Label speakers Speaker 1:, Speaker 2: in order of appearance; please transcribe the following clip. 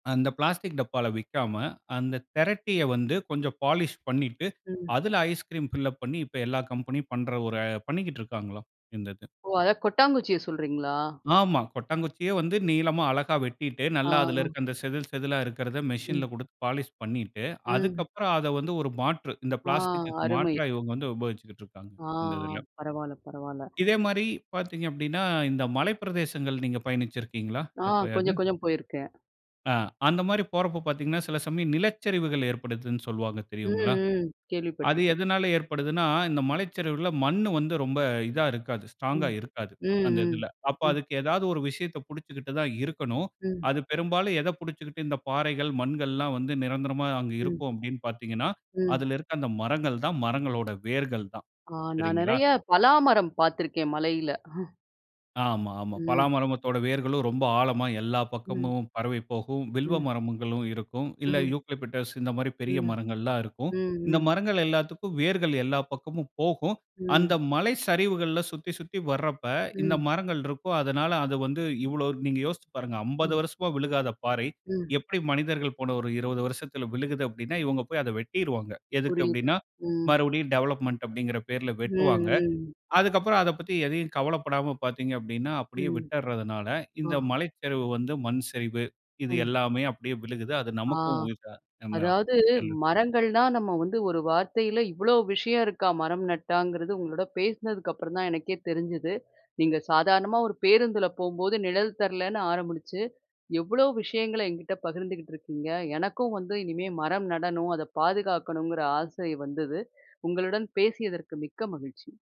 Speaker 1: அந்த பிளாஸ்டிக் டப்பால விக்காம அந்த திரட்டிய வந்து கொஞ்சம் பாலிஷ் பண்ணிட்டு
Speaker 2: ம்.
Speaker 1: அதில ஐஸ்கிரீம் ஃபில் அப் பண்ணி இப்ப எல்லா கம்பெனி பண்ற ஒரு பண்ணிக்கிட்டு இருக்காங்கலாம். இந்த இது.
Speaker 2: ஓ! அதை கொட்டாங்குச்சிய சொல்றீங்களா?
Speaker 1: ஆமா. கொட்டாங்குச்சியே வந்து நீளமா அழகா வெட்டிட்டு,
Speaker 2: ஆ.
Speaker 1: நல்லா அதில இருக்கிற அந்த செதில், செதிலா இருக்கிறத மெஷின்
Speaker 2: ம்.
Speaker 1: ல குடுத்து பாலிஷ் பண்ணிட்டு,
Speaker 2: ம்.
Speaker 1: அதுக்கப்பறம் அத வந்து ஒரு மாற்று இந்த
Speaker 2: ஆ
Speaker 1: பிளாஸ்டிக்கு
Speaker 2: அருமை.
Speaker 1: மாற்றா இவுங்க வந்து உபயோகிச்சுக்கிட்டு இருக்காங்க.
Speaker 2: ஆ,
Speaker 1: இந்த
Speaker 2: ஆ
Speaker 1: இதில.
Speaker 2: பரவால்ல, பரவால்ல.
Speaker 1: இதேமாரி பார்த்தீங்க அப்பிடின்னா, இந்த மலை பிரதேசங்கள் நீங்க பயணிச்சு இருக்கீங்களா
Speaker 2: ஆ கொஞ்ச,
Speaker 1: எப்பயாவது?
Speaker 2: கொஞ்சம் போயிருக்கேன்.
Speaker 1: ஆ அந்தமாரி போறப்ப பார்த்தீங்கன்னா, சில சமயம் நிலச்சரிவுகள் ஏற்படுதுன்னு சொல்வாங்க
Speaker 2: ம்,
Speaker 1: தெரியுங்களா?
Speaker 2: ம்.
Speaker 1: அது
Speaker 2: கேள்விப்பட்டுருக்கேன்.
Speaker 1: எதனால ஏற்படுதுன்னா, இந்த மலைச்சரிவில மண் வந்து ரொம்ப இதா இருக்காது. ஸ்ட்ராங்கா
Speaker 2: ம்.
Speaker 1: இருக்காது.
Speaker 2: ம்
Speaker 1: அந்த
Speaker 2: ம்.
Speaker 1: இதில. அப்ப
Speaker 2: ம்.
Speaker 1: அதுக்கு ஏதாவது ஒரு விஷயத்த புடித்துக்கிட்டு தான் இருக்கணும்.
Speaker 2: ம்.
Speaker 1: அது பெரும்பாலும் எதை புடிச்சுக்கிட்டு இந்த பாறைகள், மண்கள்லாம் வந்து நிரந்தரமா அங்க
Speaker 2: ம்.
Speaker 1: இருக்கும் அப்பிடின்னு பார்த்தீங்கன்னா,
Speaker 2: ம்.
Speaker 1: அதுல இருக்க அந்த மரங்கள் தான் மரங்களோட வேர்கள் தான்.
Speaker 2: அ நான்
Speaker 1: சரிங்களா!
Speaker 2: நிறைய பலாமரம் பாத்திருக்கேன் மலையில.
Speaker 1: ஆமா, ஆமா. பலா
Speaker 2: ம்.
Speaker 1: மரத்தோட வேர்களும் ரொம்ப ஆழமா எல்லா
Speaker 2: ம்.
Speaker 1: பக்கமும் பரவி போகும். வில்வ
Speaker 2: ம்.
Speaker 1: மரங்களும் இருக்கும். இல்ல
Speaker 2: ம்.
Speaker 1: யூக்களிப்பிடஸ் இந்தமாரி பெரிய
Speaker 2: ம்.
Speaker 1: மரங்கள்லாம் இருக்கும்.
Speaker 2: ம்,
Speaker 1: இந்த
Speaker 2: ம்.
Speaker 1: மரங்கள் எல்லாத்துக்கும் வேர்கள் எல்லா பக்கமும் போகும். அந்த
Speaker 2: ம்.
Speaker 1: மலை சரிவுகள்ல சுத்தி, சுத்தி வர்றப்ப போது இந்த
Speaker 2: ம்.
Speaker 1: மரங்கள் இருக்கும். அதனால அது வந்து இவ்ளோ நீங்க யோசித்து பாருங்க. 50
Speaker 2: ம்.
Speaker 1: வருஷமா விழுகாத பாறை
Speaker 2: ம்.
Speaker 1: எப்பிடி மனிதர்கள் போன ஒரு 20 வருஷத்தில விழுகுது, அப்பிடின்னா இவுங்க போய் அத வெட்டிருவாங்க. எதுக்கு
Speaker 2: புரியுது.
Speaker 1: அப்பிடின்னா
Speaker 2: ம்.
Speaker 1: மறுபடியும் டெவலப்மென்ட் அப்பிடீங்கிற பேர்ல
Speaker 2: ம்,
Speaker 1: வெட்டுவாங்க.
Speaker 2: ம்.
Speaker 1: அதுக்கு அப்பறம் அதை பத்தி எதையும் கவலைப்படாம பார்த்தீங்க அப்பிடின்னா அப்பிடியே
Speaker 2: ம்.
Speaker 1: விட்டறதுனால
Speaker 2: அ.
Speaker 1: இந்த மலைச்சரிவு வந்து மண் சரிவு இது
Speaker 2: ம்.
Speaker 1: எல்லாமே அப்பிடியே விழுகுது. அது
Speaker 2: ஆ
Speaker 1: நமக்கும்
Speaker 2: அதாவது
Speaker 1: உயிர் [unintelligible]
Speaker 2: மரங்கள்னா நம்ம வந்து ஒரு வார்த்தையில இவ்ளோ விஷயம் இருக்கா? மரம் நட்டாங்கிறது உங்களோட பேசுனதுக்கு அப்புறம் தான் எனக்கே தெரிஞ்சுது. நீங்க சாதாரணமா ஒரு பேருந்துல போம்போது நிழல் தரலன்னு ஆரம்பிச்சு, எவ்ளோ விஷயங்கள என்கிட்ட பகிர்ந்துக்கிட்டு இருக்கீங்க. எனக்கும் வந்து இனிமே மரம் நடணும் அத பாதுகாக்கணுங்கிற ஆசை வந்தது. உங்களுடன் பேசியதற்கு மிக்க மகிழ்ச்சி.